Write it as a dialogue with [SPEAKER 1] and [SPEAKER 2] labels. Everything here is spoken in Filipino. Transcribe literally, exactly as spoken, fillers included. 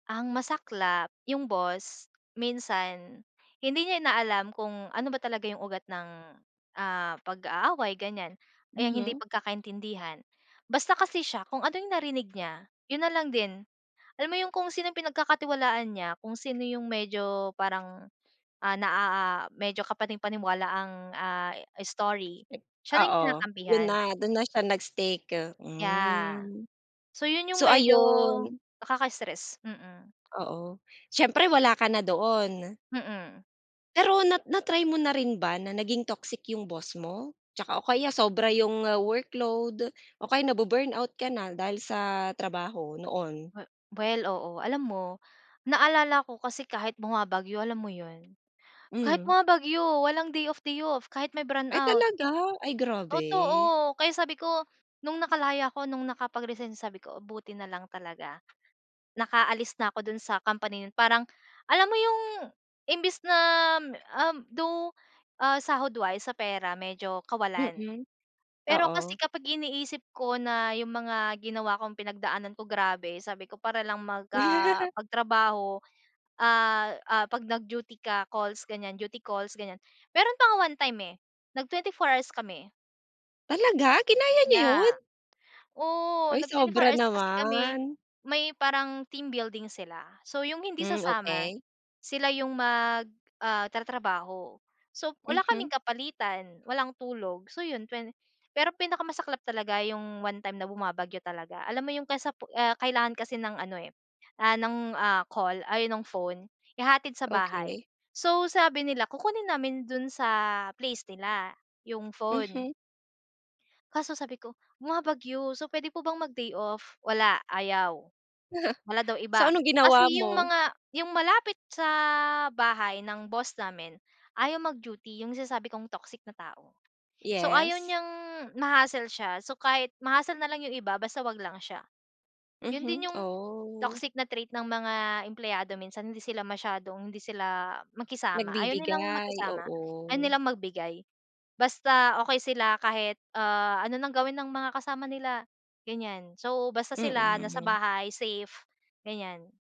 [SPEAKER 1] Ang masaklap, yung boss minsan hindi niya inaalam kung ano ba talaga yung ugat ng, ah, pag-aaway ganyan, yang hindi
[SPEAKER 2] Mhm.
[SPEAKER 1] pagkakaintindihan. Basta kasi siya, kung ano yung narinig niya, yun na lang din. Alam mo yung kung sinong pinagkakatiwalaan niya, kung sino yung medyo parang, ah, na a a medyo kapani-paniwala ang, ah, story
[SPEAKER 2] Ik
[SPEAKER 1] siya na yung
[SPEAKER 2] oo, yun
[SPEAKER 1] kinakampihan.
[SPEAKER 2] na, dun na siya nag-stick,
[SPEAKER 1] Yeah.
[SPEAKER 2] hmm.
[SPEAKER 1] So yun, yung
[SPEAKER 2] So,
[SPEAKER 1] medyo
[SPEAKER 2] ayun.
[SPEAKER 1] nakaka-stress, mm.
[SPEAKER 2] Oo, siyempre wala ka na doon.
[SPEAKER 1] Mhm.
[SPEAKER 2] Pero na na-try mo na rin ba na naging toxic 'yong boss mo? Tsaka o kaya sobra 'yong workload, o kaya na-bu-burnout ka na dahil sa trabaho noon?
[SPEAKER 1] We well, oo. Alam mo, naalala ko kasi kahit bumabagyo alam mo yun, kahit
[SPEAKER 2] Mm.
[SPEAKER 1] bumabagyo, walang day off day off, kahit may
[SPEAKER 2] Ay,
[SPEAKER 1] brownout.
[SPEAKER 2] talaga? Ay, grabe.
[SPEAKER 1] Totoo, kaya sabi ko, nung nakalaya ako nung nakapag-resign sabi ko, "Buti na lang talaga. Nakaalis na ako dun sa company na yun." Parang alam mo yung imbes na, um, though, ah, sahod wise sa pera medyo kawalan.
[SPEAKER 2] Mm.
[SPEAKER 1] Pero kasi
[SPEAKER 2] Oo.
[SPEAKER 1] kapag iniisip ko na yung mga ginawa kong pinagdaanan ko grabe sabi ko para lang mag, ah, magtrabaho. Ah, ah, 'pag nag-duty ka, calls ganyan, duty calls ganyan, meron pa nga one time, eh, nag-twenty-four hours kami.
[SPEAKER 2] Talaga? Kinaya niyo
[SPEAKER 1] Yeah.
[SPEAKER 2] yun?
[SPEAKER 1] Oo,
[SPEAKER 2] Ay,
[SPEAKER 1] nag-twenty-four
[SPEAKER 2] sobra
[SPEAKER 1] hours pa kasi kami.
[SPEAKER 2] naman.
[SPEAKER 1] May parang team building sila, so yung hindi
[SPEAKER 2] Mm,
[SPEAKER 1] sasama
[SPEAKER 2] okey.
[SPEAKER 1] sila yung mag, ah, tatrabaho. So wala kaming
[SPEAKER 2] Mhm.
[SPEAKER 1] kapalitan, walang tulog, so 'yon, twenty Pero pinakamasaklap talaga 'yong one time na bumabagyo talaga. Alam mo 'yong kasapu ah, kailangan kasi ng ano, eh, ah, ng ah, call, ay, nung phone, ihahatid sa bahay.
[SPEAKER 2] Okey.
[SPEAKER 1] So sabi nila kukunin namin do'n sa place nila 'yong phone.
[SPEAKER 2] Mhm.
[SPEAKER 1] Kaso sabi ko, "Bumabagyo, so pwede po bang mag-day off?" Wala, ayaw. Wala daw
[SPEAKER 2] So,
[SPEAKER 1] iba.
[SPEAKER 2] anong
[SPEAKER 1] Kasi
[SPEAKER 2] ginawa
[SPEAKER 1] yung
[SPEAKER 2] mo?
[SPEAKER 1] mga yung malapit sa bahay ng boss namin, ayaw mag-duty yung sinasabi kong toxic na tao. So, ayaw
[SPEAKER 2] Yes?
[SPEAKER 1] niyang ma-hassle siya so kahit ma-hassle nalang yung iba, basta 'wag lang siya. Yun
[SPEAKER 2] Mhm,
[SPEAKER 1] din yung
[SPEAKER 2] oh.
[SPEAKER 1] toxic na trait ng mga empleyado minsan, hindi sila masyadong hindi sila makisama, ayaw nilang
[SPEAKER 2] Nagbibigay,
[SPEAKER 1] makisama.
[SPEAKER 2] oo.
[SPEAKER 1] Ayaw nilang magbigay. Basta okey sila kahit, ah, ano ng gawin ng mga kasama nila, ganyan so basta sila nasa
[SPEAKER 2] Mm.
[SPEAKER 1] bahay safe, ganyan.